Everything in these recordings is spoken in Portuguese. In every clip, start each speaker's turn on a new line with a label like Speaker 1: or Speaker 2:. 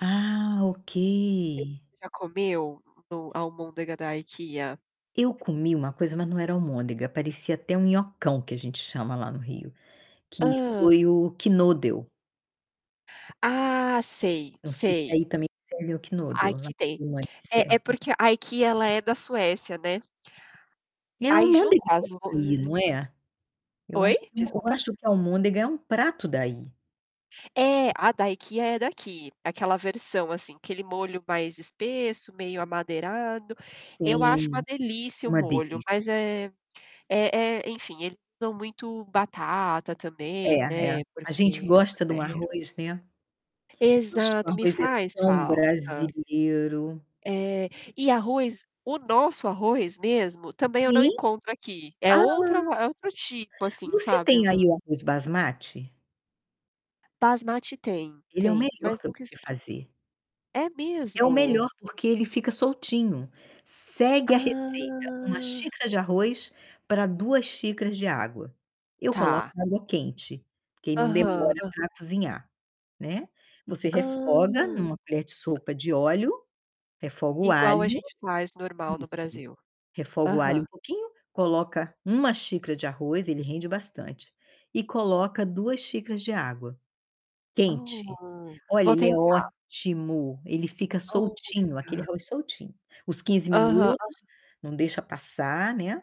Speaker 1: Ah, ok.
Speaker 2: Você já comeu no almôndega da IKEA?
Speaker 1: Eu comi uma coisa, mas não era almôndega, parecia até um nhocão que a gente chama lá no Rio, que
Speaker 2: Hã?
Speaker 1: foi o Knödel.
Speaker 2: Ah, sei,
Speaker 1: Não sei, se
Speaker 2: sei.
Speaker 1: aí também serve o Knödel, lá
Speaker 2: Aqui
Speaker 1: onde
Speaker 2: tem.
Speaker 1: eu morei
Speaker 2: É é
Speaker 1: serve.
Speaker 2: porque a IKEA ela é da Suécia, né?
Speaker 1: É
Speaker 2: Aí junta
Speaker 1: almôndega
Speaker 2: as
Speaker 1: [unintelligible]
Speaker 2: lo
Speaker 1: não é? Eu
Speaker 2: Oi?
Speaker 1: acho eu
Speaker 2: Desculpa.
Speaker 1: acho que almôndega é um prato daí.
Speaker 2: É, a da IKEA é daqui, aquela versão assim, aquele molho mais espesso, meio amadeirado. Eu acho uma
Speaker 1: Sim,
Speaker 2: delícia o
Speaker 1: uma
Speaker 2: molho, mas
Speaker 1: delícia.
Speaker 2: é é é, enfim, eles usam muito batata
Speaker 1: É
Speaker 2: também,
Speaker 1: é,
Speaker 2: né,
Speaker 1: a gente
Speaker 2: porque,
Speaker 1: gosta de um
Speaker 2: vieram.
Speaker 1: arroz, né. Eu acho que o
Speaker 2: Exato, me
Speaker 1: arroz é
Speaker 2: faz
Speaker 1: tão
Speaker 2: falta.
Speaker 1: brasileiro.
Speaker 2: É, e arroz, o nosso arroz mesmo, também eu não
Speaker 1: Sim.
Speaker 2: encontro aqui. É
Speaker 1: Ah
Speaker 2: outra va é outro tipo, assim,
Speaker 1: Você
Speaker 2: sabe, hum.
Speaker 1: tem aí o arroz basmati?
Speaker 2: Basmati tem
Speaker 1: Ele é o
Speaker 2: tem,
Speaker 1: melhor
Speaker 2: mas
Speaker 1: pra
Speaker 2: nunca
Speaker 1: você
Speaker 2: experime
Speaker 1: fazer.
Speaker 2: é
Speaker 1: É o
Speaker 2: mesmo?
Speaker 1: melhor, porque ele fica soltinho. Segue a receita: 1
Speaker 2: Ah.
Speaker 1: xícara de arroz, pra 2 xícaras de água. Eu coloco
Speaker 2: Tá.
Speaker 1: na água quente, que aí não
Speaker 2: Aham.
Speaker 1: demora
Speaker 2: Hã.
Speaker 1: pra cozinhar, né, você refoga
Speaker 2: Hã.
Speaker 1: numa colher de sopa de óleo, refoga o
Speaker 2: Igual a
Speaker 1: alho
Speaker 2: gente faz, normal no
Speaker 1: isso,
Speaker 2: Brasil.
Speaker 1: refoga o alho
Speaker 2: Aham.
Speaker 1: um pouquinho, coloca 1 xícara de arroz, ele rende bastante, e coloca 2 xícaras de água quente.
Speaker 2: Oh,
Speaker 1: Olha,
Speaker 2: vou
Speaker 1: ele é
Speaker 2: tentar.
Speaker 1: ótimo, ele fica
Speaker 2: Olha,
Speaker 1: soltinho, aquele
Speaker 2: cara.
Speaker 1: arroz soltinho. Os 15
Speaker 2: Aham,
Speaker 1: minutos
Speaker 2: aham.
Speaker 1: não deixa passar, né.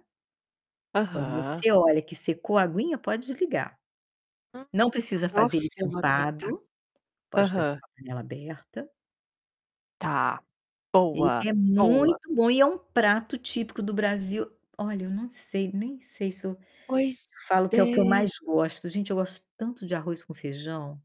Speaker 1: Quando
Speaker 2: Aham.
Speaker 1: você olha que secou a aguinha, pode desligar.
Speaker 2: Hum,
Speaker 1: Não precisa fazer
Speaker 2: nossa,
Speaker 1: ele
Speaker 2: eu vou tentar.
Speaker 1: tampado, pode fazer
Speaker 2: Aham.
Speaker 1: com a panela aberta.
Speaker 2: Tá,
Speaker 1: Ele
Speaker 2: boa,
Speaker 1: é
Speaker 2: boa.
Speaker 1: muito bom e é um prato típico do Brasil Olha, eu não sei nem sei se eu
Speaker 2: Pois
Speaker 1: falo que é o que eu
Speaker 2: é.
Speaker 1: mais gosto. Gente, eu gosto tanto de arroz com feijão.